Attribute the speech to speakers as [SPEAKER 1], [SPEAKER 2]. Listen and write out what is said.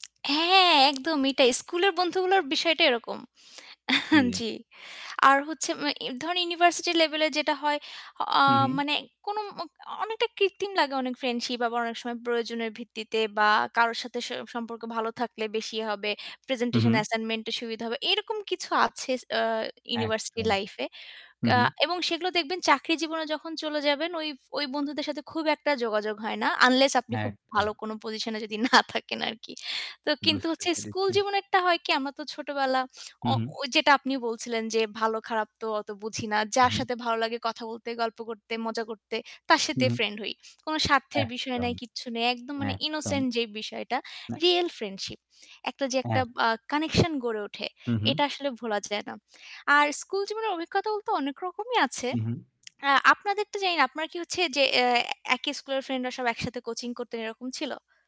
[SPEAKER 1] হ্যাঁ, একদম এটাই। স্কুলের বন্ধুগুলোর বিষয়টা এরকম
[SPEAKER 2] জী।
[SPEAKER 1] জ্বি। আর হচ্ছে আ ধরেন ইউনিভার্সিটি লেভেলে যেটা হয়, আ
[SPEAKER 2] হু ,হু।
[SPEAKER 1] মানে কোন মা অনেকটা কৃত্রিম লাগে অনেক ফ্রেন্ডশিপ আবার অনেক সময় প্রয়োজনের ভিত্তিতে বা কারো সাথে স সম্পর্ক ভালো থাকলে বেশি হবে।
[SPEAKER 2] হু,
[SPEAKER 1] প্রেজেন্টেশন
[SPEAKER 2] হু।
[SPEAKER 1] অ্যাসাইনমেন্ট এর সুবিধা হবে। এরকম কিছু আছে আ ইউনিভার্সিটি
[SPEAKER 2] একদম।
[SPEAKER 1] লাইফ এ।
[SPEAKER 2] হু,
[SPEAKER 1] কা
[SPEAKER 2] হু।
[SPEAKER 1] এবং সেগুলো দেখবেন চাকরি জীবনে যখন চলে যাবেন ওই, ওই বন্ধুদের সাথে খুব একটা যোগাযোগ হয় না। আনলেস আপনি খুব ভালো
[SPEAKER 2] একদম।
[SPEAKER 1] কোন পজিশন এ যদি না থাকেন আরকি। তো কিন্তু
[SPEAKER 2] বুঝতে
[SPEAKER 1] হচ্ছে স্কুল
[SPEAKER 2] পেরেছি।
[SPEAKER 1] জীবনে একটা হয় কি আমরা তো ছোটবেলা
[SPEAKER 2] হু,
[SPEAKER 1] অ
[SPEAKER 2] হু।
[SPEAKER 1] ঐ যেটা আপনি বলছিলেন যে ভালো খারাপ তো অত বুঝি না। যার
[SPEAKER 2] উহু।
[SPEAKER 1] সাথে ভালো লাগে কথা বলতে, গল্প করতে, মজা করতে তার
[SPEAKER 2] হম,
[SPEAKER 1] সাথে
[SPEAKER 2] হম।
[SPEAKER 1] ফ্রেন্ড হই। কোনো স্বার্থের বিষয়
[SPEAKER 2] একদম।
[SPEAKER 1] নাই, কিচ্ছু নেই। একদম মানে
[SPEAKER 2] একদম।
[SPEAKER 1] ইনোসেন্ট যে বিষয়টা।
[SPEAKER 2] না
[SPEAKER 1] রিয়াল ফ্রেন্ডশিপ। একটা যে একটা
[SPEAKER 2] হ্যাঁ।
[SPEAKER 1] আ কানেকশন গড়ে ওঠে।
[SPEAKER 2] হু,
[SPEAKER 1] এটা
[SPEAKER 2] হু।
[SPEAKER 1] আসলে ভোলা যায় না। আর স্কুল জীবনের অভিজ্ঞতা বলতে অনেক রকমই আছে।
[SPEAKER 2] হু, হু।
[SPEAKER 1] আ আপনাদের তো জানি না। আপনার কি হচ্ছে যে অ্যা একই স্কুলের ফ্রেন্ডরা সব একসাথে কোচিং করতেন এরকম ছিল?